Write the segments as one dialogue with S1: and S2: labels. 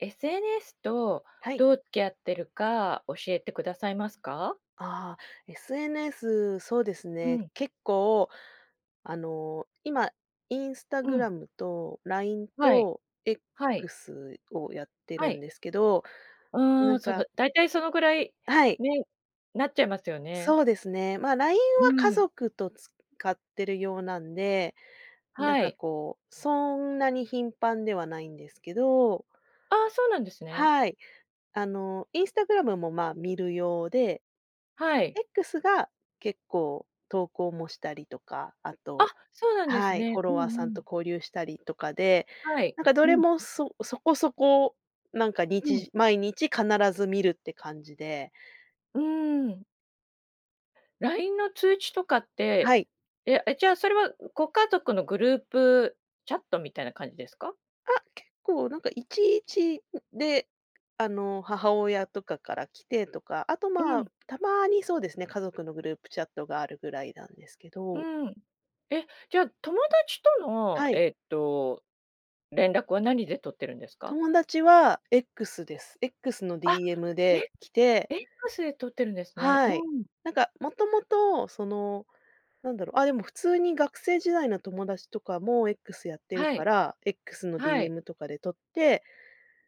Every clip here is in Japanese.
S1: SNS と、
S2: はい。
S1: どう付き合ってるか教えてくださいますか？
S2: ああ、SNS、そうです
S1: う
S2: ね、
S1: ん。
S2: 結構、あの、今、
S1: うん。
S2: Instagram と LINE
S1: はい、
S2: と
S1: はい。
S2: X をやって
S1: は
S2: るん
S1: い。
S2: ですけど、
S1: うー
S2: な
S1: ん、
S2: ん
S1: その、
S2: か
S1: だいたいそのぐらい、
S2: はい。
S1: ね、なっちゃいますよね。
S2: そうですね、まあ、LINE
S1: う
S2: は家
S1: ん。
S2: 族と使ってる用なんで、なん
S1: は
S2: か
S1: い。
S2: こう、そんなに頻繁ではないんですけど。
S1: ああ、そうなんですね。
S2: はい、あの、Instagram もまあ、見る用で。
S1: はい。
S2: X が結構、投稿もしたりとか、あ
S1: あ、
S2: と
S1: そうなんです
S2: はい。
S1: ね。
S2: フォ
S1: う
S2: ロ
S1: んう
S2: ワーさんと
S1: ん。
S2: 交流したりとかで、
S1: はい、
S2: なんかど
S1: う
S2: れ
S1: ん。
S2: もそそこそこなんかに
S1: う
S2: ち
S1: ん。
S2: じ毎日必ず見るって感じで。
S1: うーん。LINE の通知とかって、
S2: はい。
S1: ええ、じゃあ、それは、うご家族のグループチャットみたいな感じですか？
S2: あ、結構なんかいちいち、んで、あの、母親とかから来てとか、あと、
S1: う
S2: まあ、
S1: ん。
S2: たまにそうですね、家族のグループチャットがあるぐらいなんですけ
S1: う
S2: ど。
S1: ーん、え、じゃあ、友達との
S2: はい。
S1: えっと、連絡は何でとってるんですか？
S2: 友達は X です。X の
S1: あ、
S2: DM で
S1: え、
S2: 来て
S1: X でとってるんですね。う
S2: はい、
S1: ん。
S2: なんかもともとその、なんだろう、あ、でも普通に学生時代の友達とかも X やってる
S1: は
S2: か
S1: い。
S2: ら、X の
S1: はい。
S2: DM とかでとって、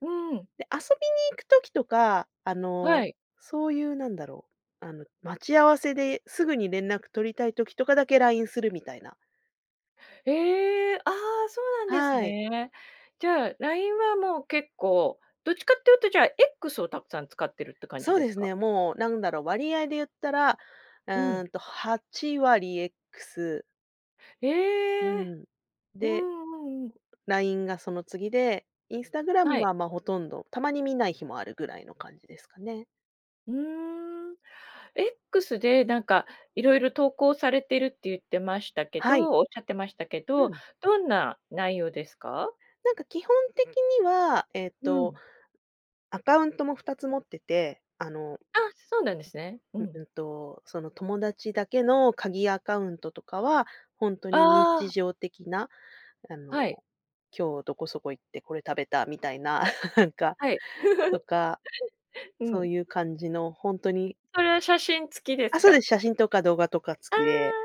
S1: うーん。
S2: で、遊びに行く時とか、あの、
S1: はい。
S2: そういうなんだろう、あの、待ち合わせですぐに連絡とりたい時とかだけ LINE するみたいな。
S1: ええ、ああ、そうなんです
S2: はい。
S1: ね。じゃあ、LINE はもう結構、どっちかっていうと、じゃあ、X をたくさん使ってるって感じ
S2: そう
S1: で
S2: で
S1: す
S2: す
S1: か？
S2: ね。もうなんだろう。割合で言ったら、う
S1: う
S2: ー
S1: ん。
S2: ん、と、8割 X。う
S1: ええ。
S2: ん、
S1: う
S2: で
S1: んうんうん。
S2: LINE がその次で、Instagram
S1: はい。
S2: は、ま、ほとんど、たまに見ない日もあるぐらいの感じですかね。
S1: うーん。X で、なんかいろいろ投稿されてるって言ってましたけ
S2: はい。
S1: どおっしゃってましたけ
S2: う
S1: ど、
S2: ん。
S1: どんな内容ですか？
S2: なんか基本的には、えっ
S1: う
S2: と、
S1: ん。
S2: アカウントも2つ持ってて、あの。
S1: あ、そうなんですね。う
S2: うん。
S1: ん。
S2: うんと、その友達だけの鍵アカウントとかは、本当に
S1: ああ。
S2: 日常的な、あの、
S1: はい。
S2: 今日どこそこ行ってこれ、食べたみたいな。なんか
S1: はい。
S2: とか、
S1: う
S2: そう
S1: ん。
S2: いう感じのほんとに。
S1: それは写真付きで
S2: あ、
S1: す
S2: そうで
S1: か？
S2: す。写真とか動画とか
S1: あ
S2: 付きで。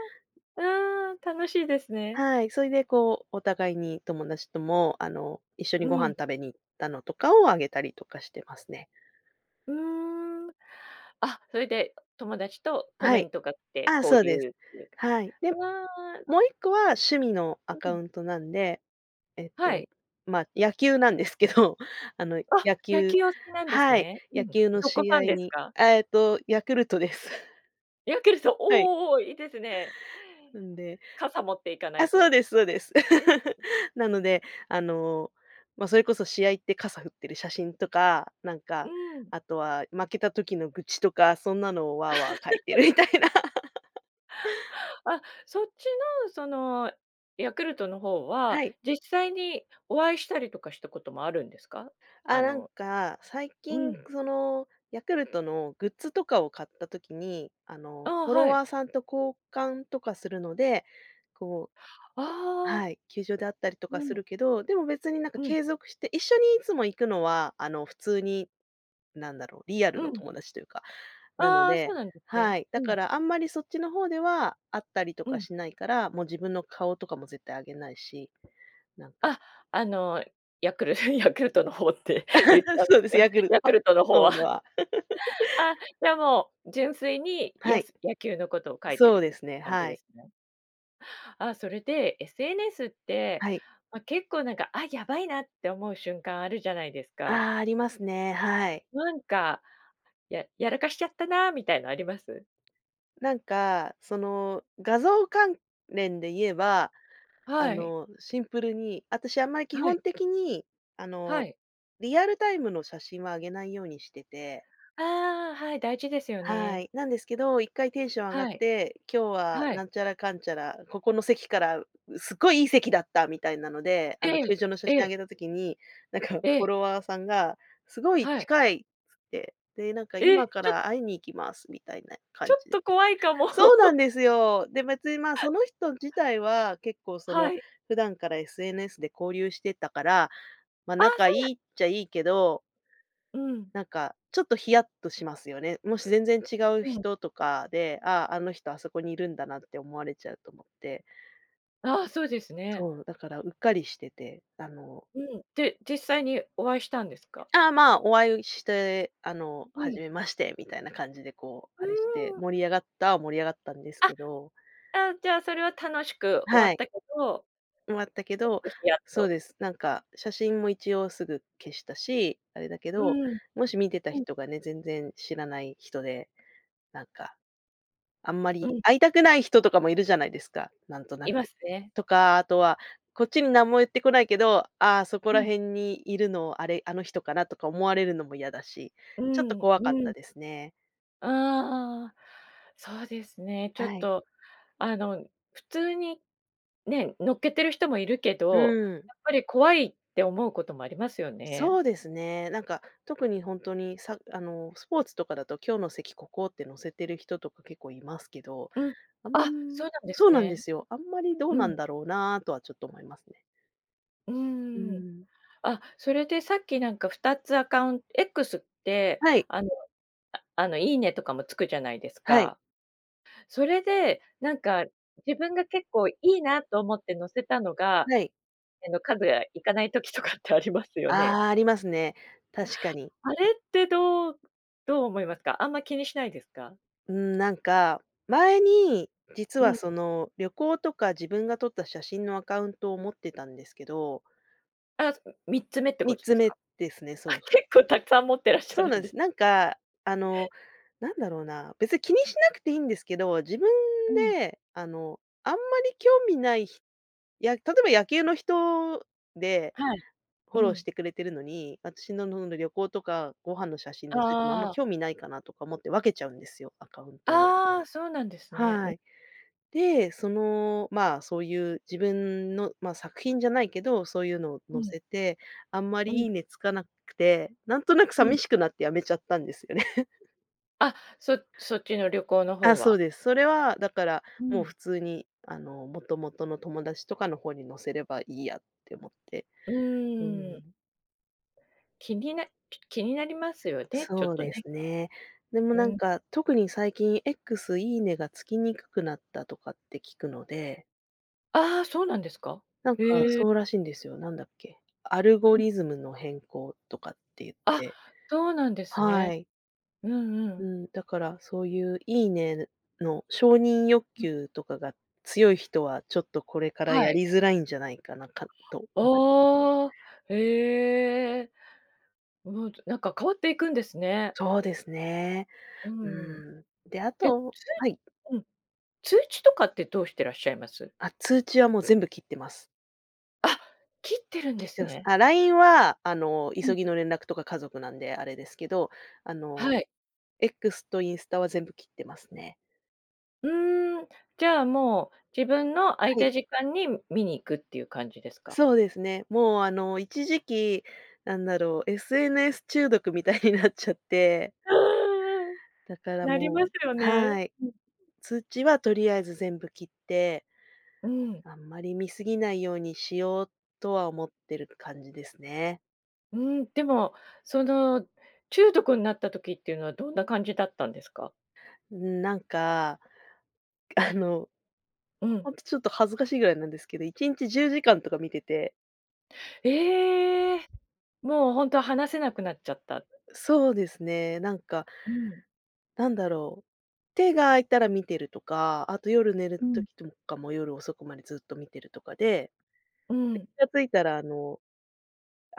S1: あ、うーん。楽しいですね。
S2: はい。そいで、こう、お互いに友達とも、あの、一緒に
S1: う
S2: ご飯
S1: ん。
S2: 食べに行ったのとかをあげたりとかしてますね。
S1: うーん。あ、それで友達とコ
S2: は
S1: メン
S2: い。
S1: トが来て
S2: ああ、
S1: 交
S2: そうで
S1: 流
S2: す。
S1: っていうか、
S2: はい。で、
S1: うーん。
S2: もう1個は趣味のア
S1: う
S2: カ
S1: ん。
S2: ウントなんで、えっ
S1: はい。
S2: と、まあ、野球なんですけど、あの
S1: あ、
S2: 野
S1: 野
S2: 球
S1: 球お好きなんです
S2: はい。
S1: ね。う
S2: 野
S1: ん。
S2: 球の
S1: どこ
S2: 試
S1: ファ
S2: 合
S1: ンです
S2: に
S1: か？
S2: あ、えっとヤクルトです。
S1: ヤクルト。
S2: はい。
S1: おお、いいですね。
S2: んで、
S1: 傘持って行かな
S2: あ、
S1: い
S2: そう
S1: と。
S2: ですそうです。
S1: う ん。
S2: なので、あの、ま、それこそ試合って傘振ってる写真とか、なん
S1: う
S2: か、
S1: ん。
S2: あとは負けた時の愚痴とかそんなのを、わあわあ書いてる みたいな。
S1: あ、そっちの、そのヤクルトの方は、
S2: はい。
S1: 実際にお会いしたりとかしたこともあるんですか？
S2: あ、
S1: あ
S2: なん
S1: の
S2: か、最
S1: う
S2: 近
S1: ん。
S2: その、ヤクルトのグッズとかを買った時に、あ
S1: あ
S2: の、
S1: あ、
S2: フォロ
S1: は
S2: ワ
S1: い。
S2: ーさんと交換とかするので、こう、
S1: ああ。
S2: はい。球場で会ったりと
S1: う
S2: かす
S1: ん。
S2: るけど、でも別になんか
S1: うん。
S2: 継続して一緒にいつも行くのは、あの普通に、なんだろう。リア
S1: う
S2: ルの
S1: ん。
S2: 友達というか。なの
S1: ああ、そう
S2: で、
S1: なんです
S2: は
S1: ね。
S2: い。だ
S1: う
S2: か
S1: ん。
S2: らあんまりそっちの方では、会ったりと
S1: う
S2: か
S1: ん。
S2: しないから、もう自分の顔とかも絶対あげないし、なんか。
S1: あ、あのヤクルトにヤクルトの方って言った んで
S2: そうで
S1: す
S2: す。
S1: よ、
S2: ヤクルト
S1: ヤク
S2: は、
S1: ルトの方
S2: そうむ、
S1: は。
S2: は。
S1: あ、じゃ あもう純粋に
S2: は
S1: や
S2: い。
S1: す野球のことを書いて
S2: そ
S1: る
S2: う
S1: っ
S2: で
S1: て
S2: すね、
S1: 感じ
S2: は
S1: で
S2: い。
S1: すね。あ、それで SNS って、
S2: はい。
S1: ま、結構なんか、あ、やばいなって思う瞬間あるじゃないですか。
S2: ああ、ありますね。はい。
S1: なんか、ややらかしちゃったなみたいなあります？
S2: なんか、その画像関連で言えば、あ
S1: はい。
S2: のシンプルに、私あんまり基
S1: はい。
S2: 本的に、あ
S1: は
S2: の
S1: い。
S2: リアルタイムの写真はあげないようにしてて。
S1: ああ、はい、大事ですよ
S2: は
S1: ね。
S2: い。なんですけど、1回テンション上がっ
S1: はい。
S2: て、今日は
S1: はい。
S2: なんちゃらかんちゃら、ここの席からすごいいい席だったみたいなので、
S1: え
S2: あの
S1: え、
S2: 球場の写
S1: え
S2: 真あ
S1: え。
S2: げた時に、なんかフ
S1: え
S2: ォ
S1: え。
S2: ロワーさんがすごい
S1: はい。
S2: 近いっつって、で、なんか
S1: え、
S2: 今か
S1: ちょ
S2: ら会いに行きますみたいな
S1: ち
S2: 感
S1: ょっ
S2: じで。
S1: と怖いかも。
S2: そうな んですよ。で別に、まあ、その人自体は結構その
S1: はい。
S2: 普段から SNS で交流してたから、まあ、
S1: ああ、
S2: 仲い
S1: そうなん
S2: いっちゃいいけど。
S1: うん。
S2: なんか、ちょっとヒヤッとしますよね。もし全然違う
S1: うん。
S2: 人とかで、ああ、あの人あそこにいるんだなって思われちゃうと思って。
S1: ああ、そうですね。
S2: そう、だからうっかりしてて、あの
S1: うん、で、実際にお会いしたんですか？
S2: ああ、まあ、お会ういして、あの
S1: うん。
S2: 「初めまして」みたいな感じで、こう、
S1: う
S2: あれして、
S1: ーん。
S2: 盛り上がった盛り上がったんです
S1: あ、
S2: けど。
S1: あ、じゃあ、それは楽しく終
S2: は
S1: わっ
S2: い。
S1: たけど。
S2: 終わったけ
S1: ちょっ
S2: ど
S1: とひやっ
S2: そう
S1: と。
S2: です。なんか写真も一応すぐ消したし、あれだけ
S1: う
S2: ど、
S1: ん。
S2: もし見てた
S1: うん。
S2: 人がね、全然知らない人で、なんか、あんま
S1: う
S2: り
S1: ん。
S2: 会いたくない人とかも居るじゃないですか、なんとな
S1: いま
S2: く。
S1: すね。
S2: とかあとは、こっちに何も言ってこないけど、あ、そこ
S1: う
S2: ら
S1: ん。
S2: 辺にいるのあれ、あの人かなとか思われるのも嫌だし、
S1: う
S2: ちょっと
S1: ん、
S2: 怖かっ
S1: う
S2: た
S1: ん。
S2: ですね。
S1: ああ、そうですね、ちょっ
S2: はい。
S1: とあの、普通に、ね、載っけてる人も居るけど、
S2: うん。
S1: やっぱり怖いって思うこともありますよね。
S2: そうですね、なんか特にほんとにさあの、スポーツとかだと「今日の席ここ」って載せてる人とか結構いますけど、
S1: うん、
S2: あ
S1: あ、
S2: ん
S1: そうなんで
S2: そ
S1: す
S2: うなんで
S1: ね。
S2: すよ。あんまりどう
S1: う
S2: なん
S1: ん。
S2: だろうなとはちょっと思いますね。
S1: う
S2: う
S1: ーん、
S2: ん。
S1: あ、それでさっきなんか2つアカウン X って、
S2: はい。
S1: あの、ああのいいねとかもつくじゃないです
S2: はい。
S1: か？それで、なんか自分が結構いいなと思って載せたのが
S2: はい。
S1: えの数やいかない時とかってありますよね。
S2: ああ、ありますね、確かに。
S1: あれってどうどう思いますか？あんま気にしないですか？
S2: うん、なんか前に、実
S1: うん
S2: は、
S1: ん。
S2: その旅行とか自分が撮った写真のアカウントを持ってたんですけど
S1: あ、すん3つ目って
S2: み
S1: こ
S2: っ
S1: とで
S2: つ
S1: す
S2: 目
S1: か。
S2: ですね。
S1: あ、
S2: そうす
S1: 結構たくさん持ってらっしゃ
S2: そう
S1: る
S2: な
S1: ん
S2: ん
S1: で
S2: す。なんか、あの、なんだろうな、別に気にしなくていいんですけど、自分
S1: うん。
S2: で、あの、あんまり興味ないひや、例えば野球の人で
S1: はい。
S2: フ
S1: う
S2: ォローし
S1: ん。
S2: てくれてるのに、私ののんの旅行とかご飯の写真載せてもあんま
S1: ああ。
S2: 興味ないかなとか思って、分けちゃうんですよ、アカウントを。
S1: ああ、そうなんですね。ん
S2: はい。で、その、まあ、そういう自分の、ま、作品じゃないけど、そういうのを
S1: う
S2: 載
S1: ん。
S2: せて、あんま
S1: う
S2: り
S1: ん。
S2: いいねつかなくて、なんとなく
S1: うん。
S2: 寂しくなってやめちゃったんですよね。
S1: あ、そそっちの旅行の
S2: あ、
S1: 方
S2: そう
S1: は。
S2: です。それは、だから、
S1: う
S2: もう
S1: ん。
S2: 普通に、あの元々の友達とかの方に載せればいいやって思って、
S1: う
S2: う
S1: ーん。
S2: ん。
S1: 気にな気になりますよね、ちょ
S2: そ
S1: っ
S2: う
S1: と
S2: で
S1: ね。
S2: すね。でも
S1: う
S2: なん
S1: ん。
S2: か、特に最近 X いいねが付きにくくなったとかって聞くので。
S1: ああ、そうなんですか？
S2: なんか
S1: へえ。
S2: そうらしいんですよ、なんだっけ、アルゴ
S1: [unintelligible]
S2: リズムの変更とかって言っ
S1: あ、
S2: て。
S1: そうなんです
S2: は
S1: ね。
S2: い。
S1: うんう
S2: う
S1: ん。
S2: ん。だからそういう、いいねの承認欲
S1: うん。
S2: 求とかが強い人は、ちょっとこれから
S1: は
S2: や
S1: い。
S2: りづらいんじゃないかな、かと思いますね。
S1: ああ。へえ。うん、となんか変わっていくんですね。
S2: そうですね。
S1: うん。
S2: うん。で、あ
S1: で、つ
S2: とはい。
S1: ううん。通知とかってどうしてらっしゃいます？
S2: あ、通知はもう全部切ってます。
S1: あ、切ってるんで
S2: 切っ
S1: す
S2: てます。
S1: ね。
S2: あ、LINE は、あの、
S1: うん。
S2: 急ぎの連絡とか家族なんで、あれですけど、あ
S1: は
S2: の、
S1: い。
S2: X とインスタは全部切ってますね。
S1: うーん。じゃあもう、自分の空い
S2: は
S1: た
S2: い。
S1: 時間に見に行くっていう感じですか？
S2: そうですね、もうあの、一時期、なんだろう、SNS 中毒みたいになっちゃって。
S1: ああ、
S2: だから
S1: なりま
S2: も
S1: す
S2: う
S1: よね。ん。
S2: はい、通知はとりあえず全部切って。
S1: うん。
S2: あんまり見過ぎないようにしよう、とは思ってる感じですね。
S1: うん、でも、その中毒になった時っていうのはどんな感じだったんですか？
S2: うん、なんか、あの、
S1: うん。
S2: ほんとちょっと恥ずかしいぐらいなんですけど、1日10時間とか見てて。
S1: ええ。もうほんと離せなくなっちゃった。
S2: そうですね、なんか
S1: うん。
S2: なんだろう、手が空いたら見てるとか、あと夜寝
S1: う
S2: る
S1: ん。
S2: 時とかも夜遅くまでずっと見てるとかで、
S1: うん。
S2: で、気が付いたらあの、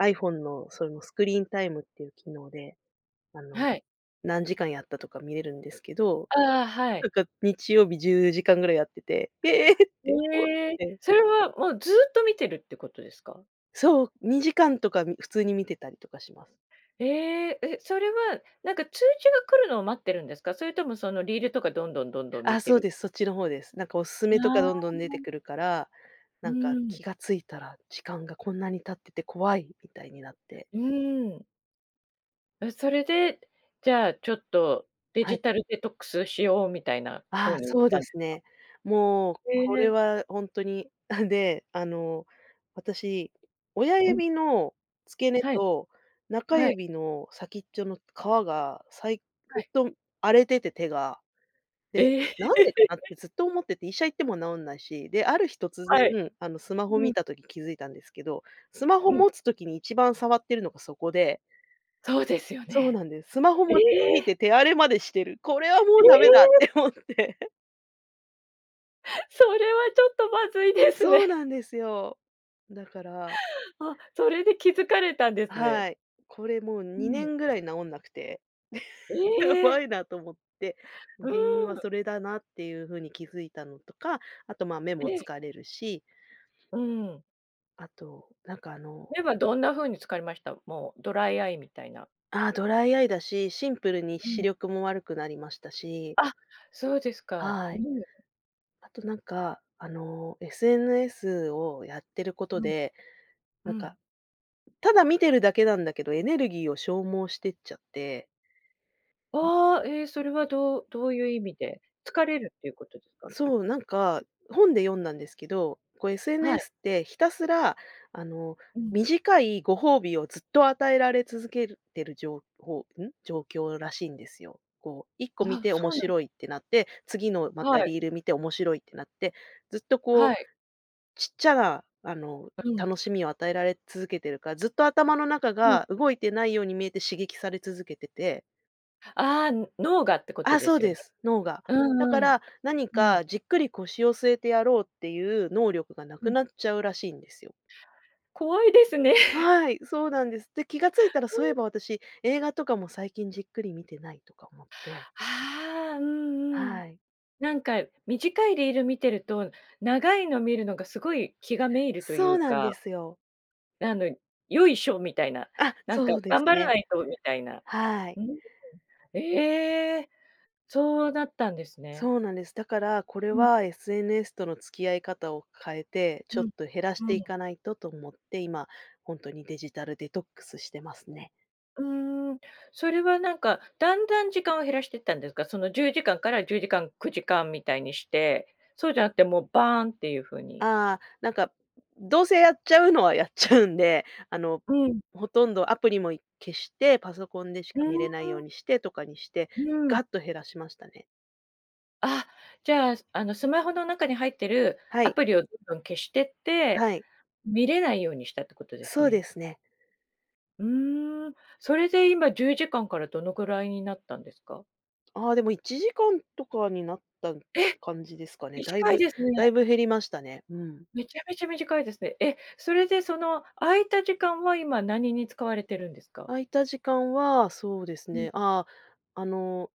S2: iPhone のそのスクリーンタイムっていう機能で、あの、
S1: はい。
S2: 何時間やったとか見れるんですけど、
S1: ああ、は
S2: な
S1: い。
S2: んか日曜日10時間ぐらいやってて、ええって思っ
S1: へえ、
S2: て。
S1: それはもうずっと見てるってことですか？
S2: そう、2時間とかん、普通に見てたりとかします。
S1: ええ、え、それはなんか通知が来るのを待ってるんですか？それともそのリールとかどんどん、どんどん見
S2: あ、
S1: て
S2: そう
S1: る
S2: です、そっちの方です。なんかお勧めと
S1: あ
S2: かどんどん出て
S1: あ。
S2: くるから、
S1: う
S2: なんか
S1: ーん。
S2: 気がついたら時間がこんなに経ってて怖いみたいになって。
S1: うーん。え、それで、じゃあ、ちょっとデ
S2: はい。
S1: ジタルデトックスしようみたいな方
S2: あ、
S1: に行っ
S2: そう
S1: た
S2: で
S1: んで
S2: す
S1: か？
S2: ね。もう
S1: へ
S2: これ
S1: え。
S2: はほんとに。で、あの、私、親
S1: うん。
S2: 指の付け根
S1: はい。
S2: と中
S1: はい。
S2: 指の先っちょの皮がさい
S1: は
S2: ず
S1: い。
S2: っとん荒れてて、手が。で、
S1: ええ。
S2: なんでかなって ずっと思ってて、医者行っても治んないし。で、ある日突
S1: はい。
S2: 然、あの、スマホ
S1: う
S2: 見
S1: ん。
S2: た時気づいたんですけど、スマホ
S1: うん。
S2: 持つ時に一番触ってるのがそこで。
S1: そうですよ
S2: そう
S1: ね。
S2: なんです。スマホ
S1: え
S2: 持ちすぎて
S1: え！
S2: 手荒れまでしてる、これはも
S1: え
S2: うダ
S1: え！
S2: メだって思って。
S1: それはちょっとまずいです
S2: そう
S1: ね。
S2: なんですよ。だから
S1: あ、それで気づかれたんですね。
S2: はい、これもう
S1: う
S2: にね
S1: ん。
S2: んぐらい治んなくて。や
S1: ええ！
S2: ばいなと思って、う
S1: う
S2: 原因は
S1: ん。
S2: それだなっていう風に気づいたのとか、あと、まあ、目も
S1: ええ。
S2: 疲れるし。
S1: うん。
S2: あと、なんかあの
S1: 目はどんな風に疲りました？もう、ドライアイみたいな。
S2: あ、ドライアイだし、シンプルに
S1: う
S2: 視
S1: ん。
S2: 力も悪くなりましたし。
S1: あ、そうですか、
S2: は
S1: う
S2: い。
S1: ん。
S2: あとなんか、あの、SNS をやってること
S1: うん。
S2: で、
S1: う
S2: なんか、
S1: ん。
S2: ただ見てるだけなんだけど、エネルギーを消耗してっちゃって。う
S1: あ
S2: ん。
S1: あ、え、それはどうどういう意味で？疲れるっていうことですか？き
S2: そう、なんか、本で読んだんですけど、こう
S1: はい。
S2: SNS ってひたすらあの、
S1: うん。
S2: 短いご褒美をずっと与えられ続けるてる情報ん、状況らしいんですよ。こう一個見
S1: あ、
S2: て
S1: そ
S2: 面
S1: うなんで
S2: 白いってなって、次のま
S1: は
S2: た
S1: い。
S2: リール見て面白いってなって、ずっとこ
S1: は
S2: う、
S1: い。
S2: ちっちゃな、あの、
S1: あ、うん。
S2: 楽しみを与えられ続けてるから、ずっと頭の中
S1: うん。
S2: が、動いてないように見えて刺激され続けてて。
S1: は、ああ、脳がってこと
S2: あ、
S1: で
S2: そう
S1: すよ
S2: で
S1: ね？
S2: す、脳が。
S1: う
S2: だか
S1: んうん、
S2: ら、何
S1: うん。
S2: かじっくり腰を据えてやろうっていう能力が、無
S1: う
S2: く
S1: ん。
S2: なっちゃうらしいんですよ。
S1: 怖いですね。
S2: はい、そうなんです。で、気が付いたら
S1: う
S2: そうい
S1: ん。
S2: えば私、映画とかも最近じっくり見てないとか思って。
S1: あ、うんうん。
S2: はい。
S1: なんか短いリール見てると、長いの見るのがすごい気が滅入るとい
S2: そう
S1: う
S2: なんで
S1: か。
S2: すよ。
S1: あの「よいしょ」みたいな。
S2: あ、
S1: なん
S2: そ
S1: か
S2: うで
S1: 「頑
S2: す
S1: 張ら
S2: ね。
S1: ないと」みたいな。
S2: はい。
S1: うん、ううん、ええ、そうだったんですね。
S2: そうなんです。だから、これ
S1: うん。
S2: は SNS との付き合い方を変えて、ちょ
S1: う
S2: っ
S1: ん。
S2: と減らし
S1: う
S2: てい
S1: ん。
S2: かないとと思って、今、ほんとにデジタルデトックスしてますね。
S1: うん、それはなんか、だんだん時間を減らしてったんですか？その、10時間から10時間、9時間みたいにして。そうじゃなくてもう、バーンっていう風に？
S2: ああ、なんか、うどうせ、やっちゃうのはやっちゃうんで。あの、
S1: うん。
S2: ほとんどアプリも、い消して、パソコンでし
S1: う
S2: か見
S1: ん
S2: れないよ
S1: う
S2: う
S1: ん。
S2: にしてとかにして、
S1: うん。
S2: ガッと減らしましたね。
S1: あ、じゃあ、すあの、スマホの中に入ってる
S2: は
S1: ア
S2: い。
S1: プリをどんどん消してって、
S2: はい。
S1: 見れないようにしたってことです
S2: そう
S1: ね。
S2: ですね。
S1: うーん。それで今、10時間から、どのくらいになったんですか？
S2: ああ、でも、1時間とかになった
S1: え！
S2: 感じですかね。だい
S1: 短い
S2: ぶ
S1: です
S2: だ
S1: ね。
S2: いぶ減りましたね。うん。
S1: めちゃめちゃ短いですね。え、それでその、空いた時間は今、何に使われてるんですか？
S2: 空いた時間は、そうです
S1: うん。
S2: ね。ああ、あの、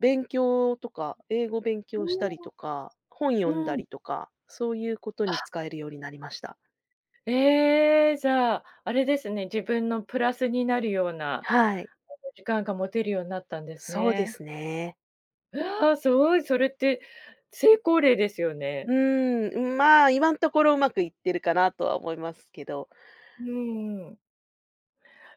S2: 勉強とか、英語勉強し
S1: う、あ
S2: たり
S1: あ。
S2: とか、本読ん
S1: う
S2: だ
S1: ん。
S2: りとか。そういうことに
S1: あ。
S2: 使えるようになりました。
S1: ええ。じゃあ、あれですね。自分のプラスになるような、あ
S2: はい。
S1: の、時間が持てるようなったんです
S2: そうで
S1: ね。
S2: すね。
S1: うわ、すごい、それって、成功例ですよね。
S2: うーん、うん、まあ、今んところうまくいってるかなとは思いますけど。
S1: うんうんうん。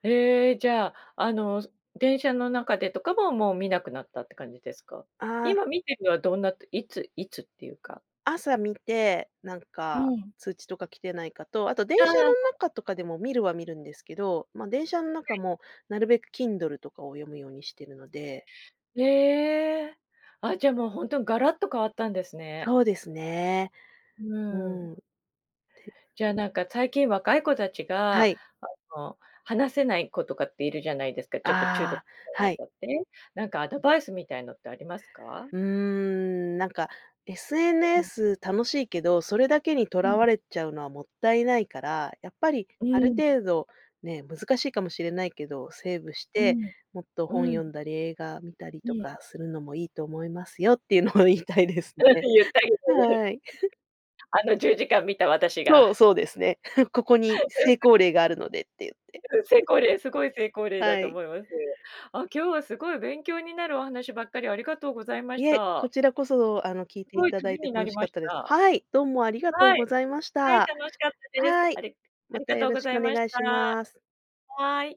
S1: へえ、じゃあ、あの、す電車の中でとかも、もう見なくなったって感じですか？
S2: ああ。
S1: 今見てるのはどんなといついつっていうか
S2: 朝見て、なん
S1: う
S2: か
S1: ん。
S2: 通知とか来てないかと、あと電
S1: ああ、
S2: 車の
S1: はい。
S2: 中とかでも、見るは見るんですけど、ま、電車ん
S1: は
S2: 中
S1: い。
S2: もなるべく Kindle とかを読むようにしてるので。
S1: ええ、あ、じゃあ、もう、ほんとんガラッと変わったんですね。
S2: そうですね。
S1: う
S2: う
S1: ん。
S2: ん。て
S1: じゃあ、なんかたいきん若い子たち
S2: は
S1: が
S2: い。
S1: あの、離せない子とかっているじゃないですか、ちょっと中毒
S2: ああ、
S1: と
S2: は
S1: ね
S2: い。
S1: かで、なんかアドバイスみたいのってありますか？
S2: うーん、なんか
S1: うん。
S2: SNS 楽しいけど、それだけにと
S1: う
S2: ら
S1: ん。
S2: われちゃうのはもったいないから、やっぱり
S1: う
S2: ある
S1: ん。
S2: 程度ね、難しいかもしれないけど、セーブし
S1: う
S2: て、
S1: ん、
S2: もっと
S1: う
S2: 本読ん
S1: ん。
S2: だり、映画見たり
S1: う
S2: と
S1: ん。
S2: かするのもいいと思いますよっていうのを言いたいです
S1: う
S2: ね。
S1: ん、言ったいよね。
S2: はい。
S1: あの10時間見た私
S2: そう、
S1: が
S2: そうですね。ここに
S1: うん、先
S2: 成
S1: う
S2: 功例があるのでって言って。
S1: ん、うん、成功例、すごい成功例だ
S2: は
S1: と
S2: い。
S1: 思います。あ、今日はすごい勉強になるお話ばっかり、ありがとうございまし
S2: いえ、こ
S1: た。
S2: ちらこそ、あの、聞い
S1: す
S2: てい
S1: ごい
S2: た
S1: た
S2: だ
S1: め
S2: いて
S1: にな
S2: 楽
S1: り
S2: し
S1: ま
S2: かっ
S1: し
S2: たで
S1: た。
S2: す。はい、どうもありがとう
S1: は
S2: ご
S1: い、
S2: ざいまし
S1: はい、
S2: た。
S1: 楽しかったです。
S2: は
S1: あ
S2: い、
S1: れあ
S2: ま
S1: り
S2: た
S1: が
S2: よ
S1: とう
S2: ろ
S1: ご
S2: し
S1: ざ
S2: く
S1: い
S2: お
S1: まし
S2: 願いしま
S1: た。
S2: す。
S1: はい。